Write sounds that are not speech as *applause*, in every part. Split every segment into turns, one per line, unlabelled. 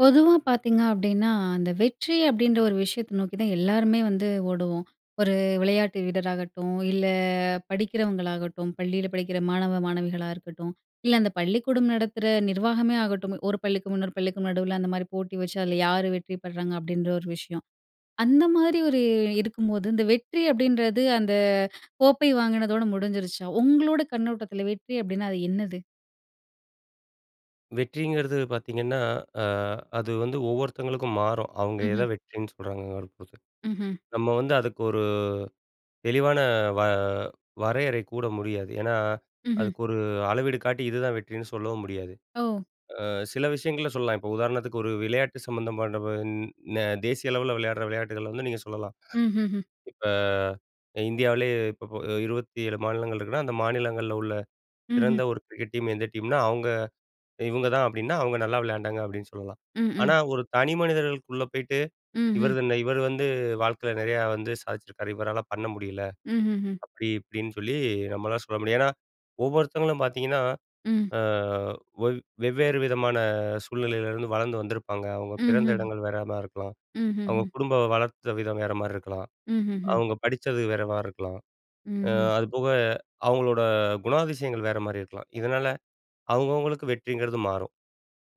பொதுவா பார்த்தீங்க அப்டீன்னா, அந்த வெற்றி அப்டீன்ற ஒரு விஷயத்த நோக்கி தான் எல்லாருமே வந்து ஓடுவோம். ஒரு விளையாட்டு வீரராகட்டும், இல்ல படிக்கிறவங்களாகட்டும், பள்ளியில படிக்கிற மாணவ, மாணவிகளா இருக்கட்டும், இல்ல அந்த பள்ளிக்கூடம் நடத்துற நிர்வாகமே ஆகட்டும். ஒரு பள்ளிக்கும், இன்னொரு பள்ளிக்கும் நடுவுல அந்தமாரி போட்டி வச்சு, அதுல யாரு வெற்றி பெர்றாங்க அப்டீன்ற ஒரு விஷயம். அந்தமாரி ஒரு இருக்கும்போது, இந்த வெற்றி அப்டீன்றது அந்த கோப்பை வாங்கினதோட முடிஞ்சிருச்சா? உங்களோட கண்ணோட்டத்தில வெற்றி அப்டீனா அது என்னது?
வெற்றிங்கிறது பார்த்தீங்கன்னா, அ அது வந்து ஒவ்வொருத்தங்களுக்கும் மாறும். அவுங்க
ம்ஹ்ம்.
எத வெற்றின்னு சொல்றாங்கறப் பொருத்து.
ம்ஹ்ம்.
நம்ம வந்து அதுக்கு ஒரு தெளிவான வ வரையறை கூற முடியாது. ஏன்னா,
ம்ஹ்ம்.
அதுக்கு ஒரு அளவீடு காட்டி இதுதான் வெற்றின்னு சொல்லவும் முடியாது.
ஓ!
அ சில விஷயங்கள சொல்லலாம். இப்ப உதாரணத்துக்கு ஒரு விளையாட்டு சம்மந்தமான ந தேசிய அளவுல விளையாட்ற விளையாட்டுகள வந்து நீங்க சொல்லலாம்.
ம்ஹ்ஹும்.
இப்ப அ இந்தியாவிலேயே இப்ப ப 27 மாநிலங்கள் இருக்குன்னா, அந்த மாநிலங்கள்ல உள்ள
ம்ஹ்ம்.
சிறந்த ஒரு கிரிக்கெட் டீம் எந்த டீம்னா, அவுங்க இவுங்க தான் அப்டீன்னா, அவுங்க நல்லா விளையாண்டாங்க அப்டீன்னு சொல்லலாம்.
ம், ம்.
ஆனா, ஒரு தனி மனிதர்களுக்குள்ள போயிட்டு,
ம்ஹ்ம்.
இவரதுன்ன இவர் வந்து வாழ்க்கையில நிறையா வந்து சாதிச்சிருக்காரு. இவரால பண்ண முடியல.
ம்ஹ்ஹும்.
அப்டி இப்டின்னு சொல்லி, நம்மளால சொல்ல முடியும். ஏன்னா, ஒவ்வொருத்தவங்களும் பார்த்தீங்கன்னா,
ம்.
அ ஒவ் வெவ்வேறு விதமான சூழ்நிலையில இருந்து வளர்ந்து வந்திருப்பாங்க. அவுங்க பிறந்த
ம்ஹ்ம்.
இடங்கள் வேறமாரி இருக்கலாம். அவுங்க
ம்ஹ்ஹும்.
குடும்ப வளர்த்த விதம் வேறமாரி இருக்கலாம்.
ம்ஹ்ஹும்.
அவுங்க படிச்சது வேறமாரி இருக்கலாம். அ
ம்.
அதுபோக அவுங்களோட குணாதிசயங்கள் வேறமாரி இருக்கலாம். இதனால அவுங்கவங்களுக்கு வெற்றிங்கிறது மாறும்.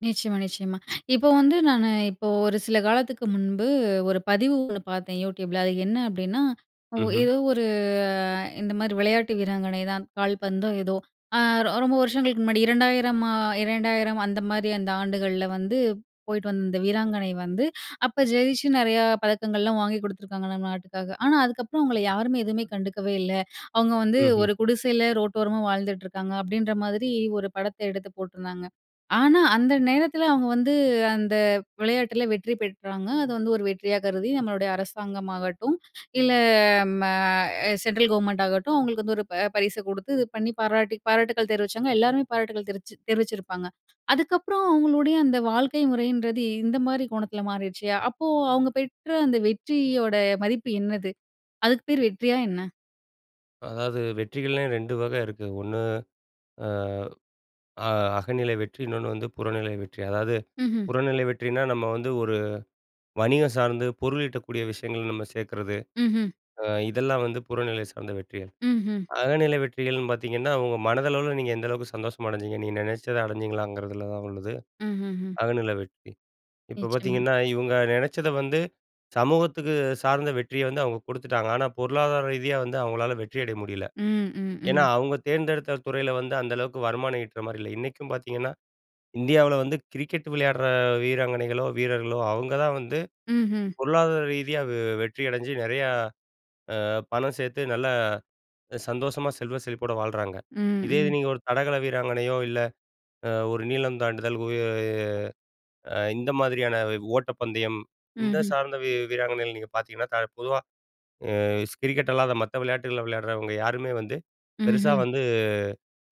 நிச்சயமா, நிச்சயமா. இப்போ வந்து, நானு இப்போ ஒரு சில காலத்துக்கு முன்பு, ஒரு பதிவு ஒண்ணு பாத்தேன் யூடியூப்ல. அது என்ன அப்பிடின்னா, ஒ
ம்ஹ்ம்.
ஏதோ ஒரு இந்தமாரி விளையாட்டு வீராங்கனை தான் கால்பந்தோ, ஏதோ. ஆ ரொ ரொம்ப வருஷங்களுக்கு முன்னாடி 2000 மா, 2000 அந்தமாரி அந்த ஆண்டுகள்ல வந்து போயிட்டு வந்த இந்த வீராங்கனை வந்து, அப்ப ஜெயிச்சு, நெறையா பதக்கங்கள்லாம் வாங்கி குடுத்துருக்காங்க, நம்ம நாட்டுக்காக. ஆனா, அதுக்கப்புறம் அவுங்கள யாருமே எதுவுமே கண்டுக்கவே இல்ல. "அவுங்க வந்து
ம்ஹ்ம்.
ஒரு குடிசையில ரோட்டோரமா வாழ்ந்துட்டுருக்காங்க." அப்படின்ற மாதிரி ஒரு படத்த எடுத்து போட்டுருந்தாங்க. ஆனா, அந்த நேரத்துல அவுங்க வந்து அந்த விளையாட்டுல வெற்றி பெற்றாங்க. அத வந்து ஒரு வெற்றியா கருதி நம்மளுடைய அரசாங்கமாகட்டும், இல்ல ம அ சென்ட்ரல் கவர்மெண்ட்டாகட்டும், அவுங்களுக்கு வந்து ஒரு ப பரிச கொடுத்து இது பண்ணி பாராட்டி பாராட்டுகள் தெரிவிச்சாங்க. எல்லாருமே பாராட்டுக்கள் தெரிவிச்சு தெரிவிச்சுருப்பாங்க. அதுக்கப்புறம் அவுங்களுடைய அந்த வாழ்க்கை முறையின்றது இந்தமாரி கோணத்துல மாறிருச்சு. அப்போ அவுங்க பெற்ற அந்த வெற்றியோட மதிப்பு என்னது? அதுக்கு பேரு வெற்றியா என்ன?
அதாவது வெற்றிகள்லையே 2 வக இருக்கு. 1 அ, அ அகநிலை வெற்றி, இன்னொன்னு வந்து புறநிலை வெற்றி. அதாவது
ம்ஹ்ம்.
புறநிலை வெற்றினா, நம்ம வந்து ஒரு வணிகம் சார்ந்து பொருளீட்டக்கூடிய விஷயங்கள நம்ம சேக்குறது.
ம்ஹ்ம்.
அ இதெல்லாம் வந்து புறநிலை சார்ந்த வெற்றிகள்.
ம்ஹ்ம்.
அகநிலை வெற்றிகள்ன்னு பாத்தீங்கன்னா, ஒங்க மனதளவுல நீங்க எந்த அளவுக்கு சந்தோஷமடைஞ்சீங்க, நீங்க நெனச்சத அடஞ்சிங்களாங்கிறதுல தான் உள்ளது,
ம்ஹ்ஹ்ம்.
அகநிலை வெற்றி. இப்ப
நிச்சயமா.
பாத்தீங்கன்னா, இவுங்க நெனச்சத வந்து சமூகத்துக்கு சார்ந்த வெற்றிய வந்து அவுங்க கொடுத்துட்டாங்க. ஆனா, பொருளாதார ரீதியா வந்து அவுங்களால வெற்றியடைய முடியல.
ம். ம்,
ஏன்னா,
ம்.
அவுங்க தேர்ந்தெடுத்த துறையில வந்து அந்த அளவுக்கு வருமானம் ஈட்றமாரி இல்ல. இன்னைக்கும் பாத்தீங்கன்னா, இந்தியாவுல வந்து கிரிக்கெட் விளையாடுற வீராங்கனைகளோ, வீரர்களோ, அவுங்க தான் வந்து
ம்ஹ்ம்.
பொருளாதார ரீதியா வெ வெற்றி அடஞ்சு நெறையா, அ பணம் சேத்து நல்லா சந்தோஷமா செல்வ செழிப்போட வாழ்றாங்க.
ம்,
இதே இது
ம்.
நீங்க ஒரு தடகள வீராங்கனையோ, இல்ல அ ஒரு நீளம் தாண்டுதல் உய அ இந்த மாதிரியான வ் ஓட்டப்பந்தயம், இது
ம்ஹ்ம்.
சார்ந்த வீ-வீராங்கனைகள் நீங்க பாத்தீங்கன்னா, த பொதுவா அ ஸ் கிரிக்கெட் அல்லாத மத்த விளையாட்டுகள விளையாடுறவங்க யாருமே வந்து, பெருசா
ம்ஹ்ம்.
வந்து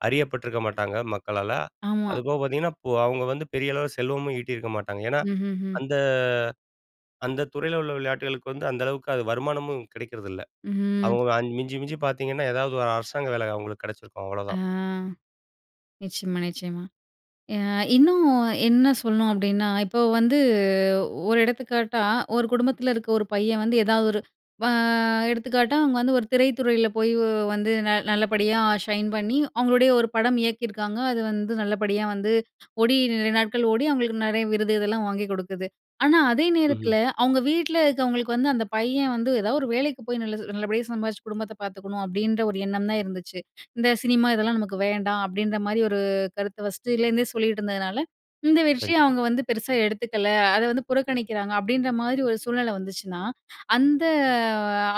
அறியப்பட்டிருக்க மாட்டாங்க மக்களால.
ஆமா.
அதுபோக பாத்தீங்கன்னா, இப்போ அவுங்க வந்து பெரிய அளவுல செல்வமும் ஈட்டியிருக்க மாட்டாங்க. ஏன்னா,
ம்ஹ்ஹ்ம்.
அந்த அந்த துறையில உள்ள விளையாட்டுகளுக்கு வந்து அந்த அளவுக்கு அது வருமானமும் கிடைக்கிறதில்ல.
ம்.
அவுங்க அ மிஞ்சி மிஞ்சி பாத்தீங்கன்னா, ஏதாவது ஒரு அரசாங்க வேல அவுங்களுக்கு கெடச்சிருக்கும்.
ஆ
அவ்வளதான்.
நிச்சயமா, நிச்சயமா. அ இன்னும் என்ன சொல்லணும் அப்பிடின்னா, இப்போ வந்து ஒரு எடுத்துக்காட்டா, ஒரு குடும்பத்துல இருக்க ஒரு பையன் வந்து, எதா ஒரு வ எடுத்துக்காட்டா அவுங்க வந்து ஒரு திரைத்துறையில போய் வ் வந்து ந நல்லபடியா ஷைன் பண்ணி, அவுங்களுடைய ஒரு படம் இயக்கியிருக்காங்க. அது வந்து நல்லபடியா வந்து ஓடி, நிறைய நாட்கள் ஓடி அவுங்களுக்கு நெறைய விருது இதெல்லாம் வாங்கி குடுக்குது. ஆனா, அதே
ம்ஹ்ம்.
நேரத்துல அவுங்க வீட்ல இருக்கவங்களுக்கு, வந்து அந்த பையன் வந்து எதா ஒரு வேலைக்கு போய் நல்லது நல்லபடியா சம்பாதிச்சு, குடும்பத்த பாத்துக்கணும், அப்பிடின்ற ஒரு எண்ணம் தான் இருந்துச்சு. இந்த சினிமா இதெல்லாம் நமக்கு வேண்டாம், அப்பிடின்றமாரி ஒரு கருத்த ஃபர்ஸ்ட்டுலேருந்தே சொல்லிட்டு இருந்ததுனால, இந்த வெற்றிய
கண்டிப்பா.
அவுங்க வந்து பெருசா எடுத்துக்கல. அத வந்து புறக்கணிக்கிறாங்க, அப்பிடின்ற மாரி ஒரு சூழ்நிலை வந்துச்சுன்னா, அந்த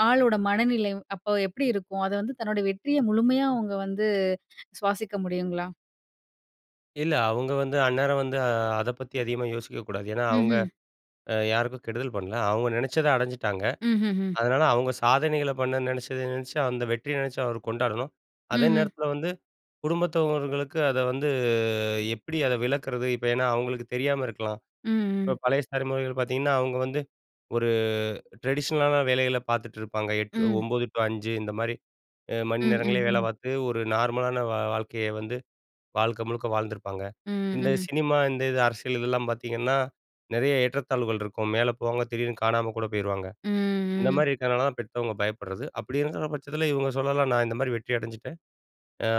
ஆளோட மனநிலை அப்போ எப்பிடி இருக்கும்? அத வந்து தன்னோட வெற்றிய முழுமையா, அவுங்க வந்து சுவாசிக்க முடியுங்களா?
இல்ல. அவங்க வந்து அந்நேரம் வந்து அத பத்தி அதிகமா யோசிக்கக்கூடாது. ஏனா, அவங்க
ம்ஹ்ம்.
அ யாருக்கும் கெடுதல் பண்ணல, அவங்க நெனைச்சத அடைஞ்சிட்டாங்க.
ம்ஹ்ஹும்.
அதனால, அவங்க சாதனைகள பண்ண நெனைச்சத நெனச்சு அந்த வெற்றிய நெனைச்சு அவரு கொண்டாடணும். அதே
ம்ஹ்ம்.
நேரத்தில வந்து குடும்பத்தவர்களுக்கு அத வந்து எப்படி அதை விளக்குறது. இப்ப ஏனா, அவங்களுக்கு தெரியாம இருக்கலாம்.
ம்,
இப்ப
ம்.
பழைய ஸ்தலைமுறைகள் பார்த்தீங்கன்னா, அவங்க வந்து ஒரு டிரெடிஷ்னலான வேலைகள பார்த்துட்டு இருப்பாங்க. 8,
ம்.
9 டூ 5 இந்த மாரி மணி
ம், ம்,
நேரங்கள்லயே வேலை
ம்.
பார்த்து ஒரு நார்மலான வாழ்க்கைய வந்து வாழ்க்க முழுக்க வாழ்ந்திருப்பாங்க.
ம்,
இந்த
ம்.
சினிமா இந்த இது அரசியல் இதெல்லாம் பார்த்தீங்கன்னா, நெறைய ஏற்றத்தாழ்வுகள் இருக்கும். மேல போவாங்க திடீர்னு காணாம கூட போயிருவாங்க.
ம்,
இந்த
ம்.
மாரி இருக்குறனால தான் பெத்தவங்க பயப்படுறது. அப்படி இருக்குற பட்சத்தில இவங்க சொல்லலாம்,"நான் இந்த மாரி வெற்றி அடைஞ்சிட்டேன்.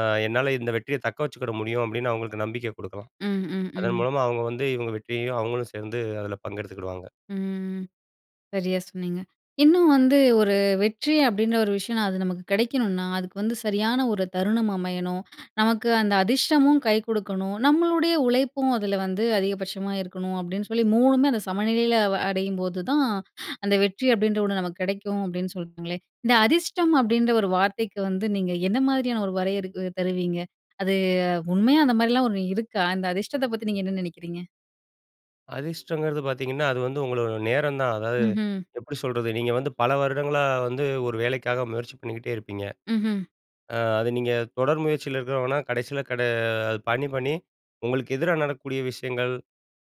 ஆ என்னால இந்த வெற்றிய தக்க வச்சுக்கிட முடியும் அப்படின்னு அவங்களுக்கு நம்பிக்கை குடுக்கலாம்."
ம், ம்,
அதன்
ம்.
மூலமா அவங்க வந்து இவங்க வெற்றியையும் அவங்களும் சேர்ந்து அதுல பங்கெடுத்துக்கிடுவாங்க.
ம், ம். சரியா சொன்னீங்க. இன்னும் வந்து ஒரு வெற்றி அப்படின்ற ஒரு விஷயனா அது நமக்கு கிடைக்கணும்னா, அதுக்கு வந்து சரியான ஒரு தருணம் அமையணும். நமக்கு அந்த அதிர்ஷ்டமும் கை கொடுக்கணும். நம்மளுடைய உழைப்பும் அதுல வந்து அதிகபட்சமா இருக்கணும், அப்படின்னு சொல்லி மூணுமே அந்த சமநிலையில அடையும்போது தான். அந்த வெற்றி அப்படின்ற ஒண்ணு நமக்கு கிடைக்கும். அப்படின்னு சொல்றீ ங்களே! இந்த அதிர்ஷ்டம் அப்படின்ற ஒரு வார்த்தைக்கு வந்து, நீங்க எந்த மாதிரியான ஒரு வரையறு தருவீங்க? அது உண்மையா அந்த மாதிரிலா ஒண்ணு இருக்கா? இந்த அதிர்ஷ்டத்த பத்தி நீங்க என்ன நினைக்கிறீங்க?
அதிர்ஷ்டம்ங்கிறது பாத்தீங்கன்னா, அது வந்து உங்களோட நேரம் தான். அதாவது,
ம்ஹ்ம்.
எப்படி சொல்றது. நீங்க வந்து பல வருடங்களா வந்து, ஒரு வேலைக்காக முயற்சி பண்ணிக்கிட்டே இருப்பீங்க.
ம்ஹ்ம்.
அ, அது நீங்க தொடர் முயற்சியில இருக்கிறவங்கனா, கடைசியில கட அது பண்ணி பண்ணி உங்களுக்கு எதிரா நடக்கக்கூடிய விஷயங்கள்,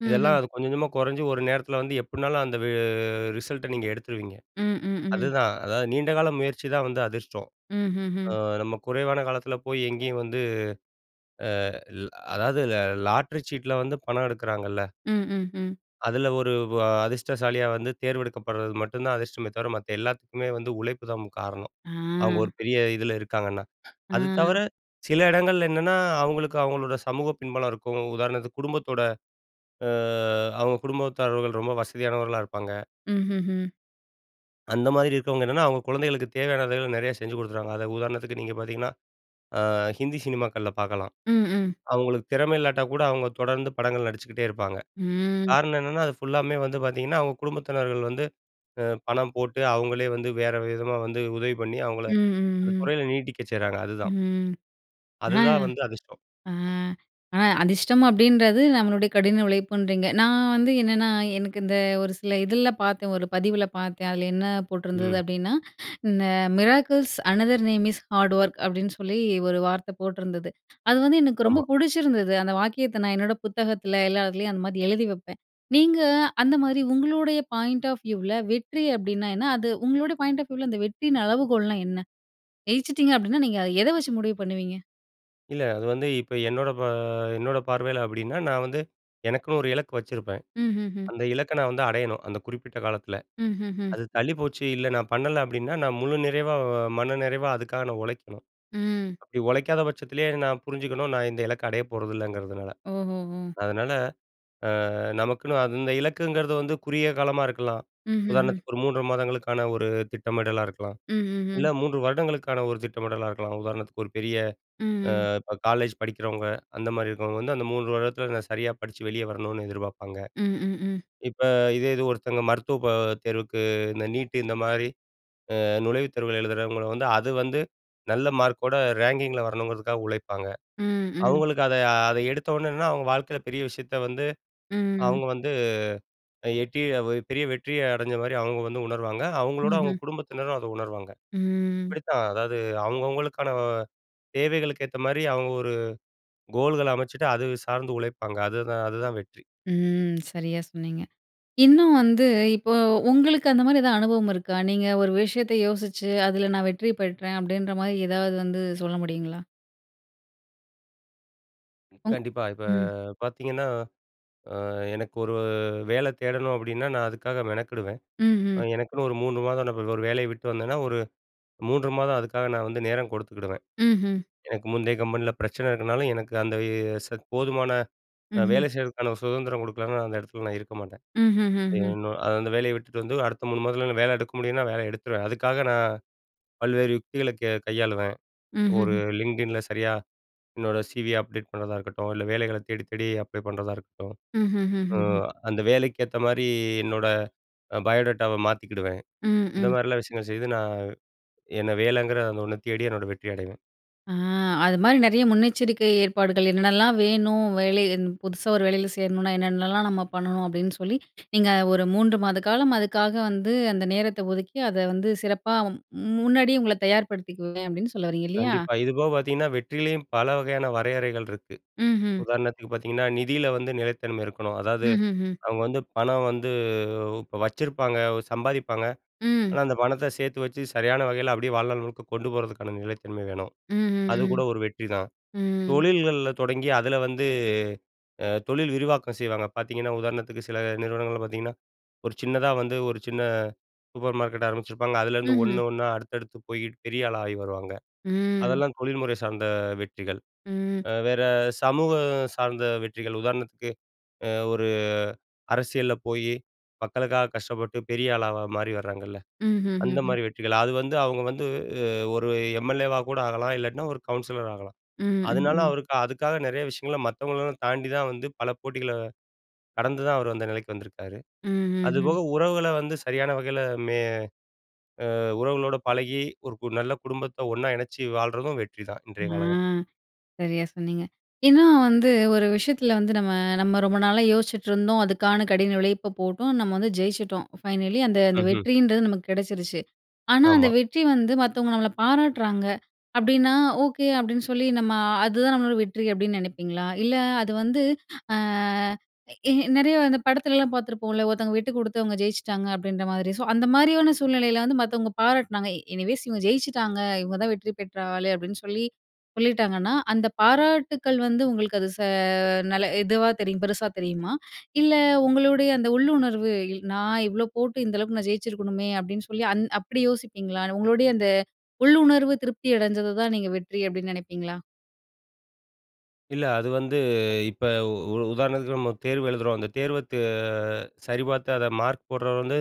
ம்,
இதெல்லாம்
ம்.
அது கொஞ்சம், கொஞ்சமா கொறஞ்சு, ஒரு நேரத்துல வந்து எப்படினாலும், அந்த வெ ரிசல்ட்ட நீங்க எடுத்துருவீங்க.
ம், ம், ம்.
அதுதான். அதாவது நீண்டகால முயற்சிதான் வந்து அதிர்ஷ்டம். அ,
ம்ஹ்ஹ்ம்.
நம்ம குறைவான காலத்துல போய் எங்கயும் வந்து, அ, ல் அதாவது லா லாட்டரி சீட்ல வந்து பணம் எடுக்கிறாங்கள்ல
ம், ம், ம்.
அதுல, ஒரு வா அதிர்ஷ்டசாலியா வந்து தேர்ந்தெடுக்கப்படுறது மட்டும் தான் அதிர்ஷ்டமே தவிர, மத்த எல்லாத்துக்குமே வந்து உழைப்பு தான் முக் காரணம்,
ஆ.
அவங்க ஒரு பெரிய இதுல இருக்காங்கன்னா. அது தவர
ஆ.
சில இடங்கள்ல என்னன்னா, அவங்களுக்கு, அவங்களோட சமூகப் பின்பலம் இருக்கும். உதாரணத்துக்கு குடும்பத்தோட, அ அவங்க குடும்பத்தாரர்கள் ரொம்ப வசதியானவர்களா இருப்பாங்க.
ம்ஹ்ஹ்ம்.
அந்த மாரி இருக்குறவங்க என்னன்னா, அவங்க குழந்தைகளுக்கு தேவையானதுகள நெறையா செஞ்சு கொடுத்துறாங்க. அதாவது உதாரணத்துக்கு நீங்க பாத்தீங்கன்னா, அ, ஹிந்தி சினிமாக்கள்ல பாக்கலாம்.
ம், ம்.
அவங்களுக்கு திறமை இல்லாட்டா கூட, அவங்க தொடர்ந்து படங்கள் நடிச்சுக்கிட்டே இருப்பாங்க.
ம்.
காரணம் என்னன்னா, அது ஃபுல்லாமே வந்து பாத்தீங்கன்னா, அவங்க குடும்பத்தினர்கள் வந்து, அ பணம் போட்டு, அவங்களே வந்து வேற விதமா வந்து உதவி பண்ணி, அவங்கள
ம்,
அந்த
ம், ம்.
துறையில நீட்டிக்க செய்றாங்க. அதுதான்.
ம். ஆ,
அதுதான் வந்து அதிர்ஷ்டம்.
ஆ, அ அதிஷ்டம் அப்படின்றது, நம்மளுடைய கடின உழைப்புன்றீங்க. நான் வந்து என்னன்னா, எனக்கு இந்த ஒரு சில இதுலலாம் பாத்தேன், ஒரு பதிவில பாத்தேன். அதில என்ன போட்டிருந்தது
ம்.
அப்படின்னா, இந்த "miracles another name is hard work" அப்படின்னு, சொல்லி ஒரு வார்த்தை போட்டுருந்தது. அது வந்து, எனக்கு ரொம்ப
ஆமா.
புடிச்சிருந்தது. அந்த வாக்கியத்தை நான் என்னோட புத்தகத்துல, எல்லா இதுலயும் அந்த மாதிரி எழுதி வைப்பேன். நீங்க, அந்த மாதிரி உங்களுடைய பாயிண்ட் ஆஃப் வியூவ்ல வெற்றி அப்படின்னா, என்ன? அது உங்களுடைய பாயிண்ட் ஆஃப் வியூல, அந்த வெற்றியின் அளவுகோல்னா என்ன? ஜெயிச்சிட்டிங்க அப்படினா, நீங்க அ எதை வச்சு முடிவு பண்ணுவீங்க?
இல்ல. அது வந்து இப்ப என்னோட ப என்னோட பார்வையில அப்பிடின்னா, நான் வந்து எனக்குன்னு ஒரு இலக்கு வச்சிருப்பேன்.
ம்ஹ்ஹும்.
அந்த இலக்க நான் வந்து அடையணும். அந்த குறிப்பிட்ட காலத்தில.
ம்ஹ்ஹும்.
அது தள்ளிப்போச்சு. இல்ல நான் பண்ணல, அப்பிடின்னா, நான் முழு நிறைவா, மன நிறைவா அதுக்காக நான் உழைக்கணும்.
ம்.
அப்பிடி உழைக்காத பட்சத்திலயே நான் புரிஞ்சுக்கணும். நான் இந்த இலக்க அடையப் போறதில்லைங்கறதுனால.
ஓ! ஓ! ஓ!
அதனால அ நமக்குன்னு அந்த இலக்குங்கிறது வந்து குறுகிய காலமா இருக்கலாம்.
ம்ஹ்ஹும்.
உதாரணத்துக்கு ஒரு 3 மாதங்களுக்கான ஒரு திட்டமிடலா இருக்கலாம். இல்ல
ம்ஹ்ஹும்.
3 வருடங்களுக்கான ஒரு திட்டமிடலா இருக்கலாம். உதாரணத்துக்கு ஒரு பெரிய
ம்,
அ
ம்.
இப்ப காலேஜ் படிக்கிறவங்க, அந்தமாரி இருக்கிறவங்க வந்து அந்த 3 வருடத்தில நான் சரியா படிச்சு, வெளிய வரணுனு எதிர்ப்பார்ப்பாங்க.
ம், ம், ம்.
இப்ப இதே இது ஒருத்தங்க மருத்துவ க தேர்வுக்கு இந்த நீட் இந்தமாரி, அ நுழைவுத் தேர்வு எழுதுறவங்கள வந்து, அது வந்து நல்ல மார்க்கோட ரேங்கிங்கில வரணுங்கிறதுக்காக, உழைப்பாங்க.
ம், ம்.
அவுங்களுக்கு அத, அத எடுத்த உடனே என்னன்னா, அவுங்க வாழ்க்கையில பெரிய விஷயத்த வந்து
ம்.
அவுங்க வந்து அ எட்டி பெரிய வெற்றிய அடஞ்சமாரி அவுங்க வந்து உணர்வாங்க. அவுங்களோட அவுங்க
ம்ஹ்ம்.
குடும்பத்தினரும் அத உணர்வாங்க.
ம்.
இப்பிடித்தான், அதாவது அவுங்கவங்களுக்கான தேவைகளுக்கேத்தமாரி அவுங்க ஒரு கோல்கள அமச்சுட்டு, அது சார்ந்து உழைப்பாங்க. அதுதான், அதுதான் வெற்றி.
ம். சரியா சொன்னீங்க. இன்னும் வந்து இப்போ உங்களுக்கு அந்தமாரி எதா அனுபவம் இருக்கா? நீங்க ஒரு விஷயத்த யோசிச்சு அதில நான் வெற்றி பெற்றேன் அப்பிடின்றமாரி ஏதாவது வந்து சொல்ல முடியுங்களா? உங்
கண்டிப்பா. இப்ப
ம்.
பார்த்தீங்கன்னா, அ எனக்கு ஒரு வேல தேடணும் அப்டின்னா, நான் அதுக்காக மெனக்கெடுவேன்.
ம்ஹ்ம்.
எனக்குன்னு ஒரு 3 மாதம், நா இப்ப அது ஒரு வேலைய விட்டு வந்தேன்னா, ஒரு 3 மாதம் அதுக்காக நான் வந்து நேரம் கொடுத்துக்கிடுவேன்.
ம்ஹ்ம்.
எனக்கு முந்தைய கம்பெனில பிரச்சன இருக்கனால, எனக்கு அந்த ச போதுமான அ
ம்ஹ்ம்.
வேலை செய்றதுக்கான சுதந்திரம் குடுக்கலன்னா, நான் அந்த இடத்துல நான் இருக்க மாட்டேன். அது
ம்ஹுஹ்ம்.
என்னோ அந்த வேலைய விட்டுட்டு வந்து, அடுத்த 3 மாதத்துல வேல எடுக்க முடியும்னா வேல எடுத்துருவேன். அதுக்காக நான் பல்வேறு யுக்திகளக் க கையாளுவேன். ஒரு
ம்ஹ்ஹும்.
லிங்கிடின்ல சரியா, என்னோட சி.வி. அப்டேட் பண்றதா இருக்கட்டும், இல்ல வேலைகளத் தேடித்தேடி அப்ளை பண்றதா இருக்கட்டும். அ
ம்ஹுஹுஹும்.
அந்த வேலைக்கு ஏத்த மாரி, என்னோட பயோடேட்டாவ மாத்திக்குடுவேன்.
ம்.
இந்த
ம்.
மாரிலாம் விஷயங்கள செய்து நான் என்ன வேலங்கிற அந்த ஒண்ணத் தேடி என்னோட வெற்றி அடைவேன்.
ஆ அது மாரி நெறைய முன்னெச்சரிக்கை ஏற்பாடுகள் என்னல்லாம் வேணும், வேலை இந் புதுசா ஒரு வேலைல சேரணும்னா என்னென்னல்லாம் நம்ம பண்ணனும் அப்டின்னு சொல்லி, நீங்க ஒரு 3 மாத காலம் அதுக்காக வந்து அந்த நேரத்த ஒதுக்கி, அத வந்து சிறப்பா மு முன்னாடியே உங்கள தயார்படுத்திக்குவேன். அப்டின்னு சொல்ல வரீங்க இல்லையா?
கண்டிப்பா. இது போகப் பார்த்தீங்கன்னா, வெற்றிலயும் பல வகையான வரையறைகள் இருக்கு.
ம்ஹ்ம்.
உதாரணத்துக்குப் பார்த்தீங்கன்னா, நிதில வந்து நிலைத்தன்மை இருக்கணும். அதாவது
ம்ஹ்ஹும்.
அவங்க வந்து பணம் வந்து, இப்ப வச்சிருப்பாங்க, சம்பாதிப்பாங்க, ஆனா
ம்.
அந்தப் பணத்த சேத்து வச்சு சரியான வகைல அப்டியே வாழ்நாள் முழுக்க கொண்டு போறதுக்கான நிலைத்தன்மை வேணும். அது
ம்ஹ்ஹும்.
கூட ஒரு வெற்றிதான்.
ம்.
தொழில்கள்ல தொடங்கி அதுல வந்து, அ தொழில் விரிவாக்கம் செய்வாங்க. பார்த்தீங்கன்னா உதாரணத்துக்கு சில நிறுவனங்கள்ல பாத்தீங்கன்னா ஒரு சின்னதா வந்து, ஒரு சின்ன சூப்பர் மார்க்கெட் ஆரம்பிச்சிருப்பாங்க, அதுலருந்து
ம்ஹ்ம்.
ஒண்ணு, ஒண்ணா அடுத்தடுத்துப் போய் பெரிய ஆளா ஆயி வருவாங்க.
ம்.
அதெல்லாம் தொழில்முறை சார்ந்த வெற்றிகள்.
ம்.
அ வேற சமூக சார்ந்த வெற்றிகள், உதாரணத்துக்கு அ ஒரு அரசியல்ல போய் மக்களுக்காகக் கஷ்டப்பட்டுப் பெரிய ஆளா மாறி வராங்கல்ல. அந்த
ம்ஹ்ஹுஹ்ம்.
மாரி வெற்றிகள். அது வந்து அவங்க வந்து, ஒரு எம். எல். ஏ. வா கூட ஆகலாம், இல்லாட்டினா ஒரு கவுன்சிலர் ஆகலாம்.
ம்.
அதனால
ம். ம்.
அவருக்கு அதுக்காக நெறைய விஷயங்கள மத்தவங்களலாம் தாண்டித்தான் வந்து, பல போட்டிகள கடந்துதான் அவர் அந்த நிலைக்கு வந்திருக்காரு. அது
ம்ஹ்ஹும்.
போக உறவுகள வந்து சரியான வகைல மெ அ உறவுகளோட பழகி ஒரு கு நல்ல குடும்பத்த ஒண்ணா இணைச்சு வாழ்றதும் வெற்றிதான்.
அ
இன்றைய காலகட்டத்துல.
சரியா சொன்னீங்க. ஏன்னா வந்து ஒரு விஷயத்துல வந்து நம்ம நம்ம ரொம்ப நாளா யோசிச்சிட்டுருந்தோம், அதுக்கான கடின உழைப்ப போட்டோம், நம்ம வந்து ஜெயிச்சிட்டோம். ஃபைனலி அந்த அந்த
ம்ஹ்ம்.
வெற்றின்றது நமக்கு கெடச்சிருச்சு. ஆனா அந்த
ஆமா.
வெற்றி வந்து மத்தவங்க நம்மளப் பாராட்டுறாங்க அப்டின்னா, "ஓகே" அப்டின்னு சொல்லி நம்ம அதுதான் நம்மளோட வெற்றி அப்டின்னு நெனப்பீங்களா? இல்ல அது வந்து, அ ஏ நெறைய இந்த படத்துலலாம் பார்த்திருப்போம்ல, 'ஒருத்தவங்க விட்டுக்குடுத்து அவங்க ஜெயிச்சிட்டாங்க' அப்டின்ற மாரி. சோ, அந்த மாரியான சூழ்நிலைல வந்து மத்தவங்க பாராட்டுனாங்க. எனிவேஸ் "இவங்க ஜெயிச்சிட்டாங்க, இவங்கதான் வெற்றி பெற்ற ஆளு" அப்டின்னு சொல்லி, சொல்லிட்டாங்கன்னா அந்த பாராட்டுக்கள் வந்து உங்களுக்கு அது ச நல இதுவா தெரியும் பெருசா தெரியுமா? இல்ல உங்களுடைய அந்த உள்ளுணர்வு, இல் நான் இவ்ளோ போட்டு, இந்த அளவுக்கு நான் ஜெயிச்சிருக்கணுமே அப்டின்னு சொல்லி, அந் அப்படி யோசிப்பீங்களா? உங்களுடைய அந்த உள்ளுணர்வு திருப்தி அடைஞ்சதத்தான் நீங்க வெற்றி அப்டின்னு நெனைப்பீங்களா?
இல்ல அது வந்து இப்ப உ உதாரணத்துக்கு, நம்ம தேர்வு எழுதுறோம். அந்த தேர்வத் சரிபார்த்து அத மார்க் போட்றவரு வந்து,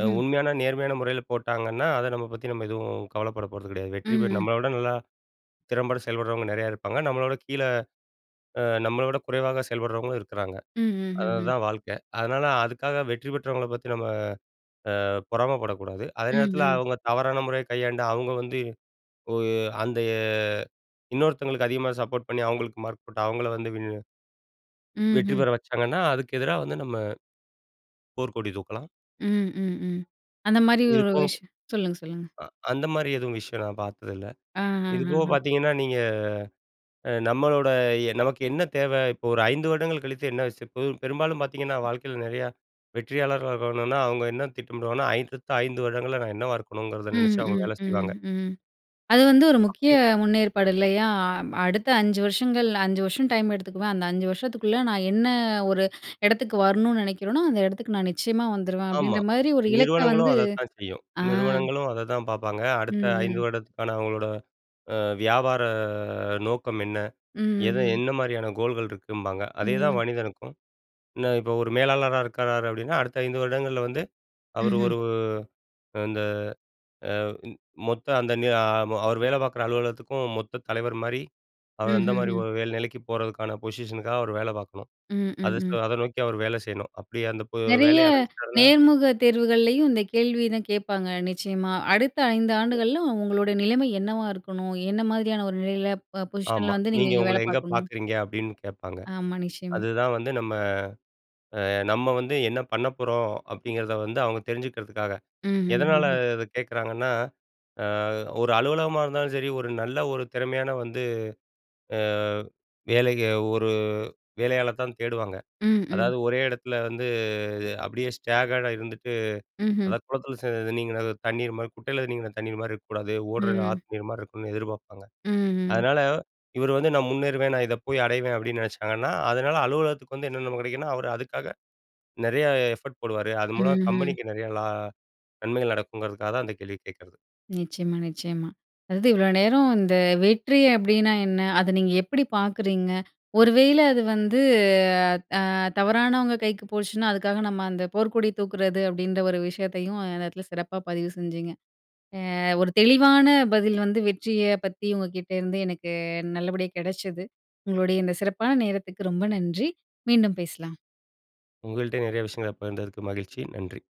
அ உண்மையான நேர்மையான முறையில போட்டாங்கன்னா, அத நம்ம பத்தி நம்ம எதுவும் கவலைப்பட போறது கிடையாது.
ம்,
வெற்றி பெ
ம்.
நம்மள விட நல்லா திறம்பட செயல்பட்றவங்க நிறையா இருப்பாங்க. நம்மள விட கீழ அ நம்மள விட குறைவா செயல்பட்றவங்களும் இருக்கிறாங்க.
ம்ஹ்ஹும்.
அதுதான் வாழ்க்கை. அதனால, அதுக்காக வெற்றி பெற்றவங்கள பத்தி நம்ம அ பொறாமப்படக்கூடாது. அதே
ம்,
நேரத்தில
ம்.
அவுங்க தவறான முறைய கையாண்டா, அவுங்க வந்து உ அந்த இன்னொருத்தவங்களுக்கு அதிகமா சப்போர்ட் பண்ணி அவுங்களுக்கு மார்க் போட்டு, அவுங்கள வந்து வின்
ம்,
வெற்றி
ம்.
பெற வச்சாங்கன்னா, அதுக்கு எதிரா வந்து நம்ம, போர்க்கொடி தூக்கலாம்.
ம், ம், ம். அந்தமாரி ஒரு
இதுபோக
விஷ
ப்
சொல்லுங்க. சொல்லுங்க.
அ அந்தமாரி எதுவும் விஷயம் நான் பார்த்தது இல்ல. இதுபோக
ஆஹஹஹ.
பார்த்தீங்கன்னா, நீங்க அ நம்மளோட அ நமக்கு என்ன தேவை? இப்போ ஒரு 5 வருடங்கள் கழித்து என்ன *unintelligible* இப்ப பெரும்பாலும் பார்த்தீங்கன்னா, வாழ்க்கையில நிறையா வெற்றியாளர்களா இருக்காங்கன்னா, அவுங்க என்ன திட்டமிடுவாங்கனா, *unintelligible* அடுத்த 5 வருடங்கள்ல நான் என்னவா இருக்கணுங்கிறத
ம்,
நினைச்சு அவுங்க
ம்,
வேல
ம்,
செய்வாங்க.
ம். அது வந்து ஒரு முக்கிய
அப்பிடி.
முன்னேற்பாடு இல்லயா? அ அடுத்த 5 வருஷங்கள், 5 வருஷம் டைம் எடுத்துக்குவேன். அந்த 5 வருஷத்துக்குள்ள நான் என்ன ஒரு இடத்துக்கு வரணுனு நினைக்கிறேனோ, அந்த இடத்துக்கு நான் நிச்சயமா வந்துருவேன்.
ஆமா.
அப்டீன்ற மாதிரி ஒரு இலக்க
நிறுவனங்களும்
வந்து
அதத்தான் செய்யும்.
அ.
நிறுவனங்களும் அதை தான் பார்ப்பாங்க.
ம்,
அடுத்த 5
ம்.
வருடத்துக்கான அவுங்களோட அ வியாபார அ நோக்கம் என்ன?
ம்,
எத
ம்.
என்னமாரியான கோல்கள் இருக்கும்பாங்க. அதேதான்
ம்.
மனிதனுக்கும். என்ன இப்ப ஒரு மேலாளரா இருக்கிறாரு அப்டீன்னா, அடுத்த 5 வருடங்கள்ல வந்து அவரு
ம்ஹ்ம்.
ஒரு இந்த அ இ மொத்த அந்த நியா அவரு வேல பார்க்கிற அலுவலகத்துக்கும், மொத்த தலைவர்மாரி அவரு அந்தமாரி
ம்ஹ்ஹும்.
ஒரு வேற நிலைக்கு போறதுக்கான பொசிஷனுக்காக அவரு வேல பார்க்கணும்.
ம், ம்,
அத ச
ம்.
அத நோக்கி அவரு வேல செய்யணும். அப்பிடி அந்த பொ
நிறைய
வேலைய அடஞ்சிட்டாருன்னா
நேர்முக தேர்வுகள்லேயும் இந்த கேள்விய தான் கேப்பாங்க நிச்சயமா. அடுத்த 5
சரி.
ஆண்டுகள்ல அவுங்களோட நிலைமை என்னவா இருக்கணும்? என்ன மாதிரியான ஒரு நிலையில அ
ஆமா.
பொசிஷன்ல வந்து நீங்க
நீங்க
இங்க
உங்கள
வேலை
எங்க
பார்க்கணும்?
பார்க்குறீங்க அப்டீன்னு கேப்பாங்க.
ஆமா, நிச்சயமா.
அதுதான் வந்து நம்ம, அ நம்ம வந்து என்ன பண்ண போறோம் அப்டீங்கிறத வந்து அவுங்க தெரிஞ்சுக்கிறதுக்காக. எதனால
ம்ஹ்ஹும்.
அத கேட்குறாங்கன்னா, அ ஒரு அலுவலகமா இருந்தாலும் சரி, ஒரு நல்ல ஒரு திறமையான வந்து அ வேலைக்கு ஒரு வேலையாள தான் தேடுவாங்க.
ம், ம்.
அதாவது ஒரே இடத்தில வந்து இது அப்பிடியே ஸ்டேகாடா இருந்துட்டு,
ம்ஹ்ம்.
அத குளத்தில *unintelligible* நீங்க தண்ணீர் மாரி குட்டையில நீங்கின தண்ணீர்மாரி இருக்கக்கூடாது. ஓடுற
ம்.
ஆத்து நீர்மாரி இருக்கணு எதிர்ப்ப்பாங்க.
ம், ம்.
அதனால இவரு வந்து நான் முன்னேறுவேன். நான் இத போய் அடைவேன், அப்பிடின்னு நினைச்சாங்கன்னா, அதனால அலுவலகத்துக்கு வந்து என்னென்ன நம்ம கிடைக்குன்னா, அவரு அதுக்காக நிறைய எஃபர்ட் போடுவாரு. அது மூலம்
ம்ஹ்ம்.
கம்பெனிக்கு நிறைய லா நன்மைகள் நடக்குங்கிறதுக்காக தான் அந்த கேள்விய கேட்கிறது.
நிச்சயமா, நிச்சயமா. அதாவது இவ்ளோ நேரம் இந்த வெற்றி அப்டீன்னா என்ன? அத நீங்க எப்பிடி பாக்குறீங்க? ஒரு வேள அது வந்து அ தவறானவங்க கைக்கு போச்சுனா, அதுக்காக நம்ம அந்த போர்க்கொடி தூக்குறது அப்டீன்ற ஒரு விஷயத்தையும், இந்த நேரத்தில சிறப்பா பதிவு செஞ்சிங்க. அ ஒரு தெளிவான பதில் வந்து வெற்றிய பத்தி உங்ககிட்ட இருந்து எனக்கு நல்லபடியா கிடைச்சது. உங்களுடைய இந்த சிறப்பான நேரத்துக்கு ரொம்ப நன்றி. மீண்டும் பேசலாம்.
உங்கள்ட்ட நிறைய விஷயங்கள பகிர்ந்ததற்கு மகிழ்ச்சி. நன்றி.